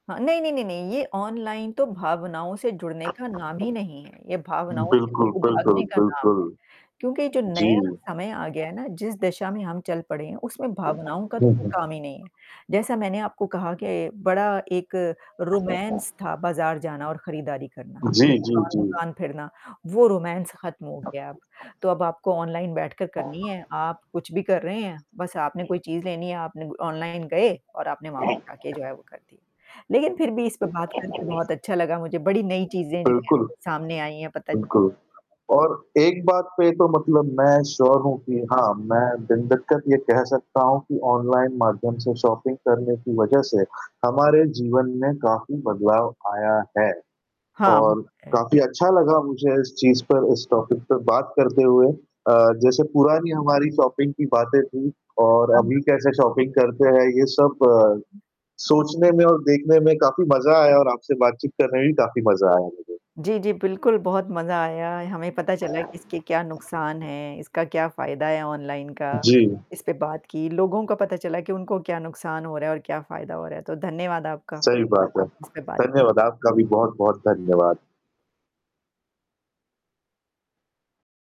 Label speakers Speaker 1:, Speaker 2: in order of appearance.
Speaker 1: हाँ, नहीं, नहीं, नहीं, नहीं ये ऑनलाइन तो भावनाओं से जुड़ने का नाम ही नहीं है, ये
Speaker 2: हुँ,
Speaker 1: भावनाओं से
Speaker 2: बिल्कुल,
Speaker 1: दूर
Speaker 2: बिल्कुल,
Speaker 1: भागने का नाम है।
Speaker 2: बिल्कुल।
Speaker 1: क्योंकि जो
Speaker 2: जी।
Speaker 1: नया समय आ गया है ना, जिस दिशा में हम चल पड़े हैं, उसमें भावनाओं का तो
Speaker 2: हुँ,
Speaker 1: कोई
Speaker 2: हुँ।
Speaker 1: काम ही नहीं है। जैसा मैंने आपको कहा के बड़ा एक रोमांस था बाज़ार जाना और खरीदारी करना,
Speaker 2: जी, जी, जी।
Speaker 1: दुकान-दुकान फिरना, वो रोमांस खत्म हो गया अब। तो अब आपको ऑनलाइन बैठकर करनी है। आप कुछ भी कर रहे हैं बस आपने कोई चीज़ लेनी है आपने ग ऑनलाइन गए और आपने वहाँ पे जाके जो है वो कर दी। लेकिन फिर भी इस पे बात करके बहुत अच्छा लगा मुझे बड़ी नई चीज़ें जो भी हैं,
Speaker 2: बिल्कुल।
Speaker 1: आपके सामने आई हैं पता चल
Speaker 2: बिल्कुल और एक बात पे तो मतलब मैं श्योर हूँ कि हाँ, मैं बिन दिक्कत ये कह सकता हूँ कि ऑनलाइन माध्यम से शॉपिंग करने की वजह से, हमारे जीवन में काफ़ी बदलाव आया है।
Speaker 1: हाँ,
Speaker 2: और
Speaker 1: बिल्कुल। अ
Speaker 2: काफ़ी अच्छा लगा मुझे इस चीज़ पर, इस टॉपिक पे बात करते हुए। अ, जैसे पुरानी हमारी शॉपिंग की बातें थी और
Speaker 1: हाँ, हाँ,
Speaker 2: अभी
Speaker 1: हाँ।
Speaker 2: कैसे शॉपिंग करते हैं ये सब
Speaker 1: [unintelligible]
Speaker 2: सोचने में और देखने में काफ़ी मज़ा आया और आपसे बातचीत करने में भी काफ़ी मज़ा आया मुझे।
Speaker 1: जी, जी, बिल्कुल, बहुत मज़ा आया। हमें पता चला कि इसके क्या नुकसान हैं, इसका क्या फ़ायदा है ऑनलाइन का।
Speaker 2: जी।
Speaker 1: इसपे बात की, लोगों का पता चला कि उनको क्या नुकसान हो रहा है और क्या फ़ायदा हो रहा है, तो धन्यवाद आपका।
Speaker 2: सही बात है।
Speaker 1: आप इस पे बात
Speaker 2: धन्यवाद, आपका भी बहुत-बहुत धन्यवाद।